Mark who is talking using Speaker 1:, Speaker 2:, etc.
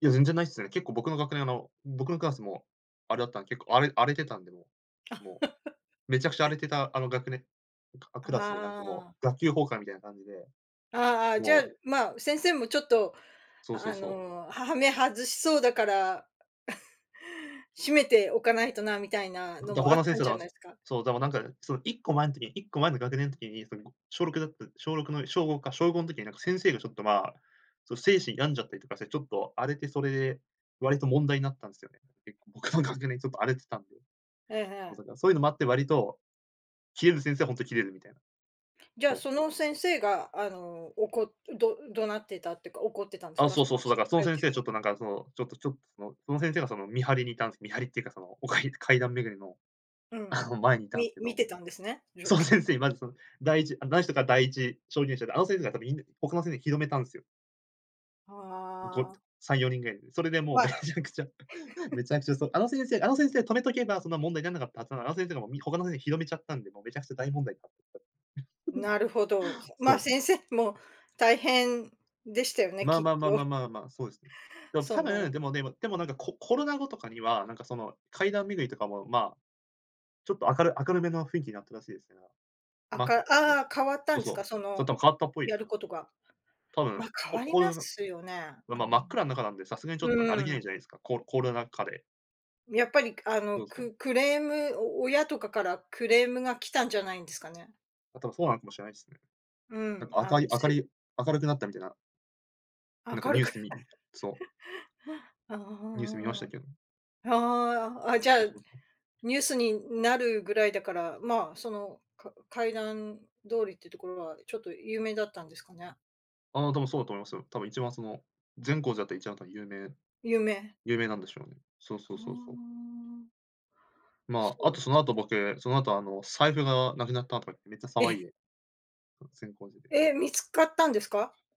Speaker 1: いや、全然ないっすね。結構、僕の学年、あの、僕のクラスもあれだったん、結構あれ荒れてたんで、もう。めちゃくちゃ荒れてた、あの、学年あ、
Speaker 2: あ
Speaker 1: クラスで、なんか、も
Speaker 2: あ、あ。
Speaker 1: う、学級崩壊みたいな感じで。
Speaker 2: ああああ、じゃ、
Speaker 1: もう。
Speaker 2: まあ、先生もちょっと、
Speaker 1: そうそ
Speaker 2: あ
Speaker 1: うそう。
Speaker 2: の、ははめ外しそうだから、しめておかないとな、みたいな
Speaker 1: うん、
Speaker 2: の
Speaker 1: じゃ、
Speaker 2: も
Speaker 1: 他
Speaker 2: あっ
Speaker 1: の先
Speaker 2: たん
Speaker 1: 生
Speaker 2: じ
Speaker 1: が、
Speaker 2: ゃ
Speaker 1: あ
Speaker 2: ないすか？
Speaker 1: そう、だか、なんか、その1個前ん時、1個前の学年ときに、その、ご小6だった小6の小5か、小5ん時に、なんか先生がちょっと、まあ、その、精神病んじゃったりとかしてちょっと荒れて、それで、割と問題になったんすよね、結構、僕の学年ちょっと荒れてたんで。
Speaker 2: えええ
Speaker 1: まあ、
Speaker 2: え。
Speaker 1: だからそうゆのもあって割と、キレる先生は、ほんとキレるみたい
Speaker 2: じゃあ、
Speaker 1: そう。
Speaker 2: その先生が、あの、おこど怒鳴ってたってか、怒ってたんす
Speaker 1: あ、
Speaker 2: か？
Speaker 1: そう
Speaker 2: そ
Speaker 1: そう
Speaker 2: の、
Speaker 1: そう。
Speaker 2: つ
Speaker 1: だから、その
Speaker 2: 懐
Speaker 1: 先
Speaker 2: 中
Speaker 1: 生ちょ
Speaker 2: 電
Speaker 1: っとなん
Speaker 2: 灯
Speaker 1: か、その、ちょっと、ちょ、その、その先生が、その、見張りにいたんす。見張りっていうか、その、おかり階段巡りの、
Speaker 2: う
Speaker 1: あ
Speaker 2: ん。
Speaker 1: の、前にいたんす
Speaker 2: み
Speaker 1: け
Speaker 2: 見
Speaker 1: ど、
Speaker 2: てたんですね、状
Speaker 1: その
Speaker 2: 況。
Speaker 1: 先生、まずその、第1、あ、だんしとか、第1証言者で、あの先生がやっぱ、みん他の先生に広めたんすよ。ご
Speaker 2: ああ。
Speaker 1: さんよにんぐらいに、それでもう
Speaker 2: ま
Speaker 1: め
Speaker 2: あ。
Speaker 1: ちゃくちゃ、め ちゃくちゃそう、あの先生あの先生止めとけば、そんな問題なんなかったはずなの、あの先生が、も、み他の先生、広めちゃったんで、もうめちゃくちゃ大問題になって、
Speaker 2: なるほど。せまあ、
Speaker 1: そう。
Speaker 2: 先生も、大変でしたよね、
Speaker 1: まあ
Speaker 2: きっ
Speaker 1: まあまあまあ
Speaker 2: と。
Speaker 1: まあまあ、そうです。で、僕、
Speaker 2: そ
Speaker 1: 多分、
Speaker 2: の
Speaker 1: でもでもでも、なんか、こコロナ後とかには、なんかその階段巡りとかも、まあ、ちょっと明る明るめの雰囲気になったらしいですから。
Speaker 2: あ、
Speaker 1: ま
Speaker 2: か
Speaker 1: そう、
Speaker 2: ああ、変わった
Speaker 1: そう
Speaker 2: んで
Speaker 1: そ
Speaker 2: す
Speaker 1: う、
Speaker 2: か？そ
Speaker 1: そ、
Speaker 2: の、
Speaker 1: たぶ、変わったっぽい
Speaker 2: や
Speaker 1: す
Speaker 2: る
Speaker 1: よ。
Speaker 2: ことが？
Speaker 1: 多
Speaker 2: ま、
Speaker 1: 分、
Speaker 2: 変
Speaker 1: こ
Speaker 2: わり
Speaker 1: コ
Speaker 2: な
Speaker 1: ロナ
Speaker 2: すよね、
Speaker 1: ま
Speaker 2: あ、
Speaker 1: ま真っ暗ん中なんで、さすがにちょっ
Speaker 2: う
Speaker 1: と、歩
Speaker 2: ん。
Speaker 1: け
Speaker 2: う
Speaker 1: な
Speaker 2: ー
Speaker 1: い
Speaker 2: ん。
Speaker 1: じゃないすか、こコロナ禍で。
Speaker 2: やっぱり、くあの、
Speaker 1: そうそ
Speaker 2: ク
Speaker 1: う。
Speaker 2: クレーム、お親とかからクレームが来たんじゃないんですかね？
Speaker 1: あ、多分、そうなのかもしれないすね。
Speaker 2: う
Speaker 1: なん
Speaker 2: ん。
Speaker 1: か、あ
Speaker 2: あ
Speaker 1: かい
Speaker 2: の、
Speaker 1: 明り
Speaker 2: し
Speaker 1: い明るくなったみてななんか
Speaker 2: 明る
Speaker 1: ニュー
Speaker 2: く。
Speaker 1: スみそう。
Speaker 2: あ
Speaker 1: ニュース見ましたけ
Speaker 2: あ、
Speaker 1: ど。
Speaker 2: ああああ、あ。は、はあ、あ、じゃあ、
Speaker 1: そうそうそう。
Speaker 2: ニュースになるぐらいだから、まあ、その、か階段通りってところは、ちょっと、有名だったんですかね？
Speaker 1: ああ、多分そうだと思いますよ。多分、一番、その、善光寺だった、一番、た、有名、
Speaker 2: 有名。
Speaker 1: 有名なんでしょう。そう
Speaker 2: そ
Speaker 1: そうそうそう。
Speaker 2: う。す
Speaker 1: まあ、あ
Speaker 2: ご
Speaker 1: と、
Speaker 2: いで
Speaker 1: その
Speaker 2: す。
Speaker 1: 後、僕、その後、あの、財布がなくなったとか言って、めっちゃ騒い
Speaker 2: え！
Speaker 1: で。うん、善光寺で。
Speaker 2: え、見つかったんですか？